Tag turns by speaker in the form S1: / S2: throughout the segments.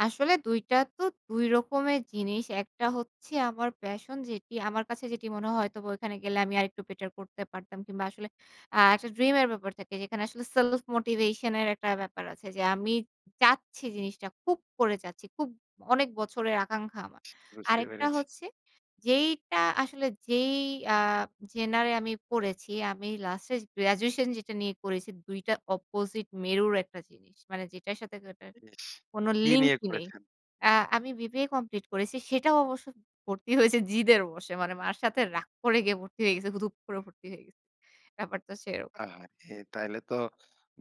S1: আসলে ২ টা তো ২ রকমের জিনিস। একটা হচ্ছে আমার passion, যেটি আমার কাছে যেটি মনে হয় হয়তোবা ওইখানে গেলে আমি আরেকটু বেটার করতে পারতাম কিংবা আসলে আ একটা dream এর ব্যাপার থাকে, যেখানে আসলে self motivation এর একটা ব্যাপার আছে যে আমি চাচ্ছি জিনিসটা খুব করে চাচ্ছি, খুব অনেক বছরের আকাঙ্ক্ষা আমার।
S2: বুঝতে
S1: আরেকটা
S2: পেরেছি।
S1: হচ্ছে, যেইটা আসলে যেই আ genre এ আমি পড়েছি, আমি লাস্টে graduation যেটা নিয়ে করেছি ২ টা opposite মেরুর একটা জিনিস। মানে যেটার সাথে যেটার
S2: ইস!
S1: কোন
S2: কি
S1: লিঙ্ক
S2: নিয়ে
S1: নেই।
S2: করেছেন?
S1: আ আমি বিবিএ কমপ্লিট করেছি। সেটাও অবশ্য ভর্তি হইছি জিদের বসে, মানে মার সাথে রাগ করে গিয়ে ভর্তি হয়ে গেছে, তো দুপ করে ভর্তি হয়ে গেছি। ব্যাপারটা সেরকম।
S2: আহা! এ তাইলে তো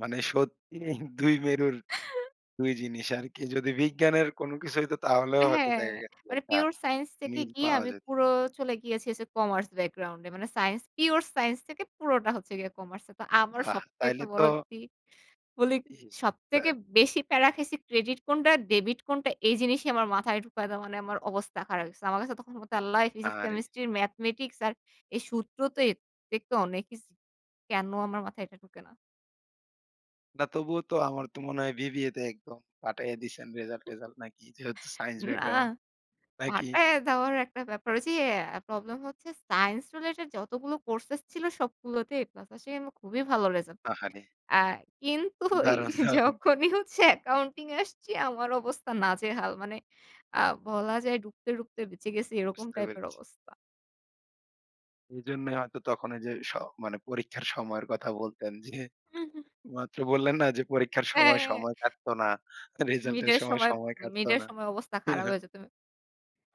S2: মানে সত্যিই ২ মেরুর, ২ জিনিস আরকি। যদি বিজ্ঞানের কোন কিছু হইতো তাহলেও হয়তো
S1: হ্যাঁ।
S2: দেখা গেছে
S1: মানে
S2: একটা
S1: pure science থেকে
S2: মিল
S1: গিয়ে
S2: পাওয়া
S1: আমি
S2: যেত।
S1: পুরো চলে গিয়েছি হচ্ছে commerce background এ মানে সাইন্স pure science থেকে পুরোটা হচ্ছে গিয়ে কমার্স এ। তো আমার
S2: বাহ!
S1: সবথেকে
S2: তাইলে তো
S1: বলজগি বলি
S2: ইস! তা
S1: সবথেকে
S2: এ
S1: বেশি প্যারা খাইছি credit কোনটা, debit কোনটা? এই জিনিসই আমার মাথায় ঢুকাইতে মানে আমার অবস্থা খারাপ হয়ে গেছে। আমার কাছে তখন আল্লাহ physics,
S2: আহারে!
S1: chemistry, mathematics আর এই সূত্রতো এত দেখতে অনেকইছ "কেন আমার মাথায় এটা ঢোকে না?"
S2: না তবুও তো আমার তো মনে হয় বিবিএ তে একদম ফাটাইয়া দিছেন
S1: উম
S2: রেজাল্ট-টেজাল্ট নাকি? যেহেতু science
S1: না,
S2: background। নাকি?
S1: ফাটায়া দেওয়ার একটা ব্যাপার ওইযে আ প্রবলেম হচ্ছে science related যতগুলো courses ছিল সবগুলোতে A+ আসে, এম খুবই ভালো রেজাল্ট।
S2: আহারে!
S1: আ কিন্তু ওই
S2: দারুণ! দারুণ!
S1: যখনই হচ্ছে accounting এ আসছি আমার অবস্থা নাজেহাল। মানে আ বলা যায় ঢুকতে, ঢুকতে বেঁচে গেছি এরকম
S2: বুঝতে
S1: টাইপের
S2: পেরেছি।
S1: অবস্থা।
S2: এজন্যই হয়তো তখনই যে স মানে পরীক্ষার সময়ের কথা বলতেন যে
S1: উহু।
S2: মাত্র বললেন না? যে পরীক্ষার সময়
S1: হ্যাঁ।
S2: সময় কাটত না। তা রেজাল্টের
S1: মিডের
S2: সময়
S1: সময়
S2: সময় কাটতো
S1: মিডের
S2: না।
S1: সময় অবস্থা খারাপ হয়ে যেত।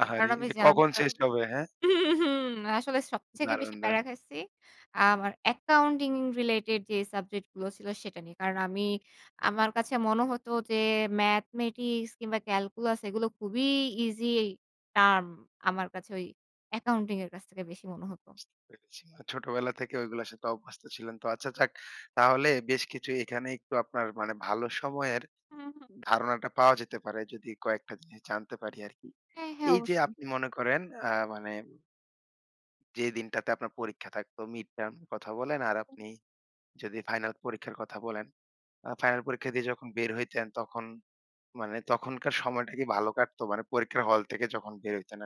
S1: আ
S2: আহারে!
S1: কারণ আমি
S2: যে কখন
S1: জানতাম।
S2: শেষ হবে, হ্যাঁ?
S1: আসলে সবথেকে
S2: দারুণ!
S1: বেশি প্যারা
S2: দারুণ!
S1: খাইছি, আ আমার accounting related যে সাবজেক্টগুলো ছিল সেটা নিয়ে। কারণ আমি আমার কাছে মনে হতো যে, mathematics কিংবা calculus এগুলো খুবই easy term। আমার কাছে ওই accounting এর কাছ থেকে বেশি মনে হতো।
S2: বুঝতে পেরেছি। না, ছোটবেলা থেকে ওইগুলোর সাথে অভ্যস্ত ছিলেন তো? আচ্ছা যাক। তাহলে বেশ কিছু এখানে একটু আপনার মানে ভালো সময়ের
S1: উহু।
S2: ধারণাটা পাওয়া যেতে পারে যদি কয়েকটা জিনিস জানতে পারি আরকি।
S1: হ্যাঁ, হ্যাঁ,
S2: এইযে
S1: অবশ্যই।
S2: আপনি মনে করেন আ মানে যে দিনটাতে আপনার পরীক্ষা থাকতো mid-term কথা বলেন আর
S1: হুম।
S2: আপনি যদি ফাইনাল পরীক্ষার কথা বলেন। আ ফাইনাল পরীক্ষা দিয়ে যখন বের হইতেন তখন মানে তখনকার সময়টা কি ভালো কাটতো? মানে পরীক্ষার হল থেকে যখন বের হইতেন আরকি।